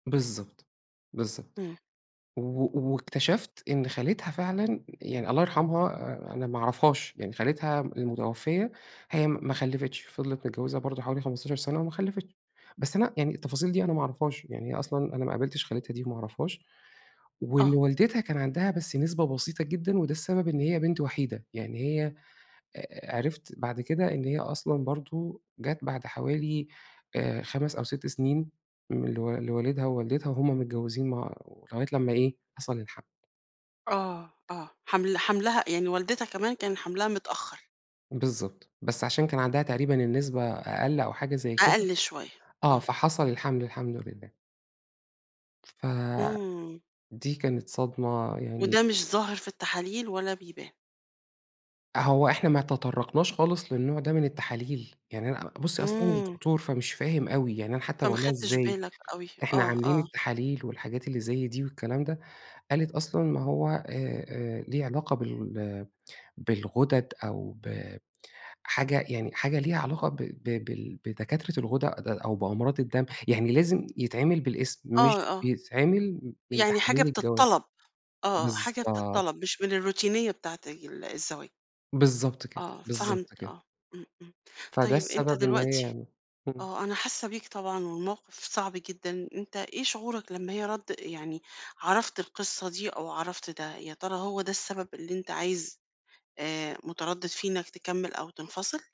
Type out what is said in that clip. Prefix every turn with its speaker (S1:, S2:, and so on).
S1: بالضبط، بالضبط،
S2: إمم.
S1: و واكتشفت إن خالتها فعلًا، يعني الله يرحمها أنا ما أعرفهاش، يعني خالتها م المتوفية، هي م ما خلّفِتش فِضلِت متجوّزة برضو حوالي 15 سنة وما خلّفِتش، بس أنا يعني التفاصيل دي أنا ما أعرفهاش، يعني أصلًا أنا ما قابلتش خالتها دي وما أعرفهاش، وإن
S2: آه.
S1: والدتها كان عندها بس نسبة بسيطة جدًا وده السبب إن هي بنت وحيدة، يعني هي، عرِفت بعد كده إن هي أصلًا برضو جات بعد حوالي آآ 5 أو 6 سنين، م لو لوالدها ووالدتها وهُم متجوزين مع لغاية لمّا إيه، حصل الحَمْل.
S2: آه، آه، حَمْل حَمْلها، يعني والدتها كمان كان حَمْلها متأخّر.
S1: بالضبط، بس عشان كان عندها تقريبًا النسبة أقل أو حاجة زي كده،
S2: أقل شوية،
S1: آه
S2: آه.
S1: فحَصَل الحَمْل الحمد لله. فدي
S2: إمم.
S1: كانت صدمة، يعني
S2: وده مش ظاهر في التحاليل، ولا بيبان.
S1: هو إحنا ما تطرقناش خالص للنوع ده من التحاليل، يعني أنا بُصّي أصل أنا مش
S2: إمم.
S1: دكتور فمش فاهم أوي، يعني أنا حتّى
S2: فما
S1: باقول لها:
S2: خدتش
S1: "إزاي؟
S2: بالك أوي،
S1: إحنا
S2: آه،
S1: عاملين
S2: آه.
S1: التحاليل والحاجات اللي زي دي والكلام ده،" قالت أصلًا ما هو آآ، آآ ليه علاقة بال بالغدد أو ب حاجة يعني حاجة ليها علاقة ب ب بال بدكاترة الغدد أو بأمراض الدم، يعني لازم يتعمل بالاسم، مش
S2: آه، آه.
S1: بيتعمل من
S2: يعني حاجة
S1: تحاليل الجواز،
S2: بتطلب، آه، حاجة
S1: بالضبط.
S2: بتطلب مش من الروتينية بتاعة ال الزواج.
S1: بالضبط كده،
S2: آه، فهمت
S1: بالضبط كده.
S2: آه، إمم، إمم،
S1: فده
S2: طيب أنت
S1: السبب إن
S2: دلوقتي
S1: هي إمم.
S2: آه، أنا حاسّة بيك طبعًا والموقف صعب جدًا، أنت إيه شعورك لمّا هي رد يعني عرفت القصّة دي أو عرفت ده؟ يا ترى هو ده السبب اللي أنت عايز آآ متردد فيه إنّك تكمّل أو تنفصل؟